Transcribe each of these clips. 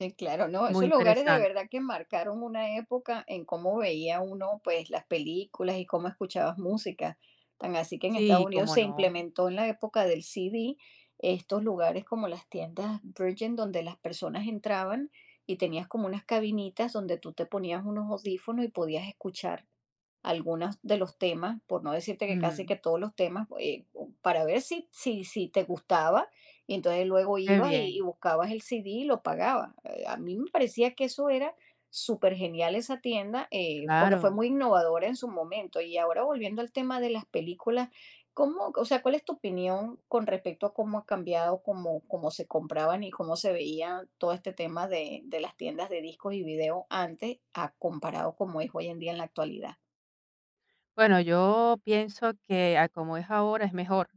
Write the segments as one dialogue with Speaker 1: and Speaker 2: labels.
Speaker 1: Sí, claro, no,
Speaker 2: Muy
Speaker 1: esos lugares de
Speaker 2: interesante.
Speaker 1: verdad que marcaron una época en cómo veía uno, pues, las películas y cómo escuchabas música, tan así que en Estados
Speaker 2: Sí,
Speaker 1: Unidos
Speaker 2: ¿cómo
Speaker 1: se
Speaker 2: no?
Speaker 1: implementó en la época del CD estos lugares como las tiendas Virgin donde las personas entraban y tenías como unas cabinitas donde tú te ponías unos audífonos y podías escuchar algunas de los temas, por no decirte que casi
Speaker 2: Ujú.
Speaker 1: que todos los temas, eh, para ver si si si te gustaba, y entonces, luego
Speaker 2: Qué
Speaker 1: ibas y y
Speaker 2: bien.
Speaker 1: buscabas el CD, y lo pagabas, eh, a mí me parecía que eso era supergenial esa tienda, eh, porque fue
Speaker 2: Claro.
Speaker 1: muy innovadora, en su momento. Y ahora, volviendo al tema de las películas, ¿cómo o sea, cuál es tu opinión con respecto a cómo ha cambiado, cómo cómo se compraban y cómo se veía todo este tema de de las tiendas de discos y videos antes a comparado como es hoy en día, en la actualidad?
Speaker 2: Bueno, yo pienso que, a como es ahora, es mejor,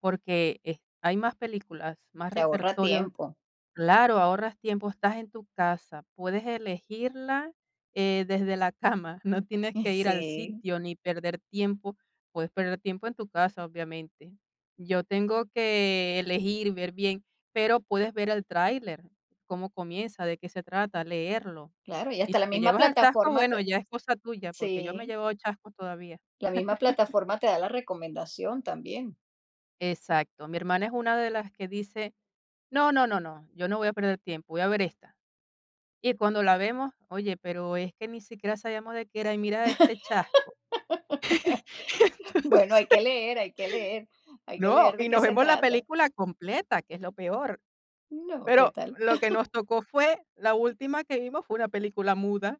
Speaker 2: porque, eh, hay más películas, más
Speaker 1: Te ahorra
Speaker 2: repertorio.
Speaker 1: tiempo.
Speaker 2: Claro, ahorras tiempo, estás en tu casa, puedes elegirla, eh, desde la cama, no tienes
Speaker 1: Y
Speaker 2: que ir al
Speaker 1: sí.
Speaker 2: sitio, ni perder tiempo, puedes perder tiempo en tu casa, obviamente. Yo tengo que elegir, ver bien, pero puedes ver el tráiler, cómo comienza, de qué se trata, leerlo.
Speaker 1: Claro, y
Speaker 2: Y
Speaker 1: hasta
Speaker 2: si
Speaker 1: la
Speaker 2: te
Speaker 1: misma
Speaker 2: llevas el chasco,
Speaker 1: plataforma
Speaker 2: bueno,
Speaker 1: te
Speaker 2: ya es cosa tuya, porque yo me he
Speaker 1: sí.
Speaker 2: llevado chasco todavía.
Speaker 1: La misma plataforma te da la recomendación también.
Speaker 2: Exacto. Mi hermana es una de las que dice: "No, no, no, no, yo no voy a perder tiempo, voy a ver esta". Y cuando la vemos, oye, pero es que ni siquiera sabíamos de qué era, y mira este chasco,
Speaker 1: Bueno, hay que
Speaker 2: entonces,
Speaker 1: leer, hay que leer, hay que
Speaker 2: no,
Speaker 1: leer de
Speaker 2: y
Speaker 1: qué
Speaker 2: nos
Speaker 1: se
Speaker 2: vemos la
Speaker 1: trata.
Speaker 2: película completa, que es lo peor.
Speaker 1: No, ¿qué
Speaker 2: Pero
Speaker 1: tal?
Speaker 2: lo que nos tocó fue la última que vimos fue una película muda.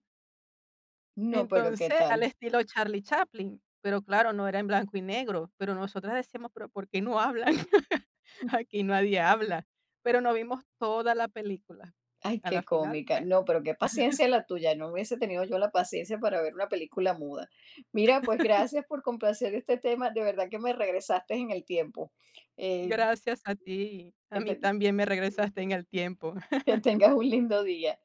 Speaker 1: No, ¿pero qué
Speaker 2: Entonces, al
Speaker 1: tal?
Speaker 2: estilo Charlie Chaplin, pero claro, no era en blanco y negro. Pero nosotras decíamos: "¿Pero por qué no hablan? Aquí nadie habla". Pero nos vimos toda la película.
Speaker 1: Ay,
Speaker 2: A la
Speaker 1: qué
Speaker 2: final,
Speaker 1: cómica.
Speaker 2: bueno.
Speaker 1: No, pero qué paciencia la tuya, no hubiese tenido yo la paciencia para ver una película muda. Mira, pues, gracias por complacer este tema, de verdad que me regresaste en el tiempo, eh
Speaker 2: Gracias a ti. A mí
Speaker 1: Eten
Speaker 2: también me regresaste en el tiempo.
Speaker 1: Que tengas un lindo día.